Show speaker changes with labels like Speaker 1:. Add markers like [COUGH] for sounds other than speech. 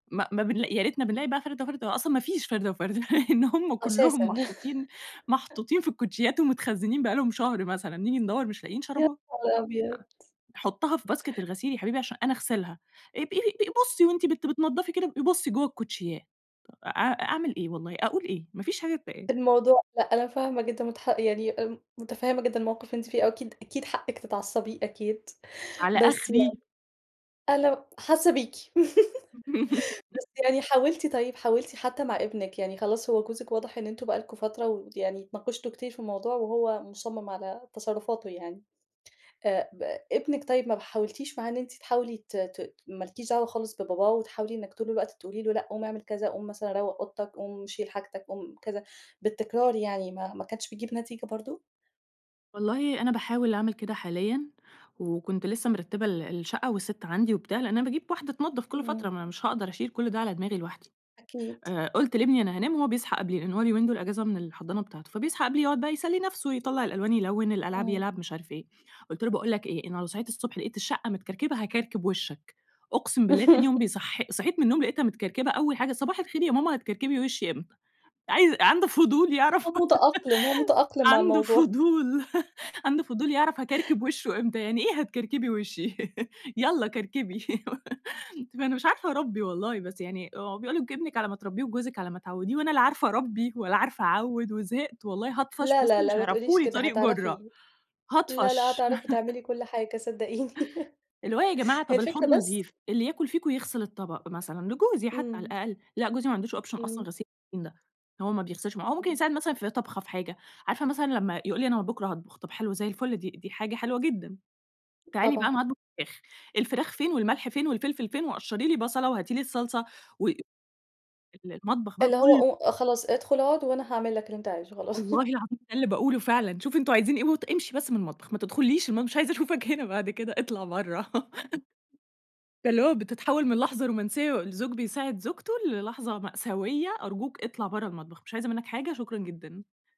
Speaker 1: ما ما بنلاقي يا ريتنا بنلاقي بقى فردة وفردة، هو أصلًا ما فيش فردة وفردة [LAUGHS] لإن هم كلهم
Speaker 2: أساسًا.
Speaker 1: محطوطين
Speaker 2: [LAUGHS]
Speaker 1: محطوطين في الكوتشيات ومتخزنين بقى لهم شهر مثلًا، نيجي ندوّر مش لاقيين
Speaker 2: يا
Speaker 1: شرابات،
Speaker 2: نهار أبيض!
Speaker 1: حُطَّها في باسكت الغسيل يا حبيبي عشان أنا أغسلها، ابقي ب بُصّي وأنتِ بت بتنضفي كده ابقي بُصّي جوّه الكوتشيات، أ أعمل إيه والله، أقول إيه! ما فيش حاجة تتقال.
Speaker 2: الموضوع لأ أنا فاهمة جدًا متح يعني متفهّمة جدًا الموقف اللي أنتِ فيه وأكيد، أكيد حقِّك تتعصَّبي أكيد،
Speaker 1: على
Speaker 2: بس يعني
Speaker 1: أخري.
Speaker 2: أنا حاسة بيكِ، [LAUGHS] بس يعني حاولتِ طيب حاولتِ حتى مع ابنِك يعني خلاص هو جوزِك واضح إن أنتم بقى لكم فترة ويعني اتناقشتوا كتير في الموضوع وهو مصمّم على تصرفاتُه يعني، آآ، ب ابنِك طيب ما حاولتيش معاه إن أنتِ تحاولي ت ت ما لكيش دعوى خالص بباباه وتحاولي إنِّك طول الوقت تقولي له لأ، قوم اعمل كذا، قوم مثلًا روّق أوضتك، قوم شيل حاجتك، قوم كذا، بالتكرار يعني ما ما كانتش بتجيب نتيجة برضه؟
Speaker 1: والله أنا باحاول أعمل كده حاليًا، وكنت لسّه مِرتِّبة ال الشقة والست عندي وبتاع، لأن أنا باجيب واحدة تنضّف كل فترة،
Speaker 2: إمم.
Speaker 1: ما أنا مش هاقدر أشيل كل ده على دماغي لوحدي،
Speaker 2: أكيد
Speaker 1: آآ، قلت لابني أنا هانام هو بيصحى قبلي لأن هو اليومين دول أجازة من الحضانة بتاعته، فبيصحى قبلي يقعد بقى يسلّي نفسه يطلَّع الألوان يلوِّن، الألعاب
Speaker 2: إمم.
Speaker 1: يلعب مش عارف إيه، قلت له باقول لك إيه أنا لو صحيت الصبح لقيت الشقة متكركبة هاكركب وشَّك، أقسم بالله تاني يوم
Speaker 2: [LAUGHS]
Speaker 1: بيصح صحيت من النوم لقيتها متكركبة أول حاجة صباح الخير يا ماما هتكركبي وشِّي إمتى؟ عايز عنده فضول يعرف
Speaker 2: هو متأقلم، هو
Speaker 1: [LAUGHS]
Speaker 2: متأقلم مع
Speaker 1: عنده
Speaker 2: الموضوع.
Speaker 1: فضول عنده فضول يعرف هاكركب وشُّه إمتى، يعني إيه هتكركبي وشِّي، يالّا كركبي، [LAUGHS] فأنا مش عارفة أربّي والله، بس يعني بيقولوا ابنِك على ما تربّيه وجوزِك على ما تعوّديه وأنا لا عارفة أربي ولا عارفة أعوِّد وزهقت، والله هاطفش
Speaker 2: لا،
Speaker 1: بُصّي
Speaker 2: لا، لا
Speaker 1: مش
Speaker 2: ما تقوليش
Speaker 1: هيعرفوا لي
Speaker 2: كده
Speaker 1: طريق جُرّة،
Speaker 2: هتعرفي، لا، لا
Speaker 1: هاطفش.
Speaker 2: هتعرفي تعملي
Speaker 1: [LAUGHS]
Speaker 2: كل حاجة صدقيني، [LAUGHS]
Speaker 1: اللي هو يا جماعة
Speaker 2: هي
Speaker 1: طَب
Speaker 2: الفكرة
Speaker 1: الحوض
Speaker 2: بس
Speaker 1: نضيف، اللي ياكل فيكم يغسِل الطبق مثلًا لجوزي حتى على
Speaker 2: إمم.
Speaker 1: الأقل، لأ جوزي ما عندوش option أصلًا
Speaker 2: إمم.
Speaker 1: غسيل المواعين ده، هو ما بيغسلش معا هو ممكن
Speaker 2: [UNINTELLIGIBLE]
Speaker 1: يساعد مثلًا في طبخة في حاجة، عارفة مثلًا لما يقول لي أنا بُكرة هاطبخ، طَب حلو زي الفل دي دي حاجة حلوة جدًا، تعالي بقى
Speaker 2: طبعًا.
Speaker 1: أنا هاطبخ فراخ، الفراخ فين والملح فين والفلفل فين وقشّري لي بصلة، وهاتي لي الصلصة و ال المطبخ بقى
Speaker 2: اللي
Speaker 1: كل
Speaker 2: هو ق خلاص ادخل أقعد وأنا هاعمل لك اللي أنت عايزُه خلاص.
Speaker 1: والله
Speaker 2: [LAUGHS]
Speaker 1: العظيم ده اللي باقوله فعلًا، شوفوا أنتم عايزين إيه ت وامشي بس من المطبخ ما تدخلّيش مش عايزة أشوفك هنا بعد كده اطلع برّه، [LAUGHS] فاللي هو بتتحوّل من لحظة رومانسية، الزوج بيساعد زوجته للحظة مأساوية أرجوك اطلع برّه المطبخ، مش عايزة منك حاجة شكرًا جدًا.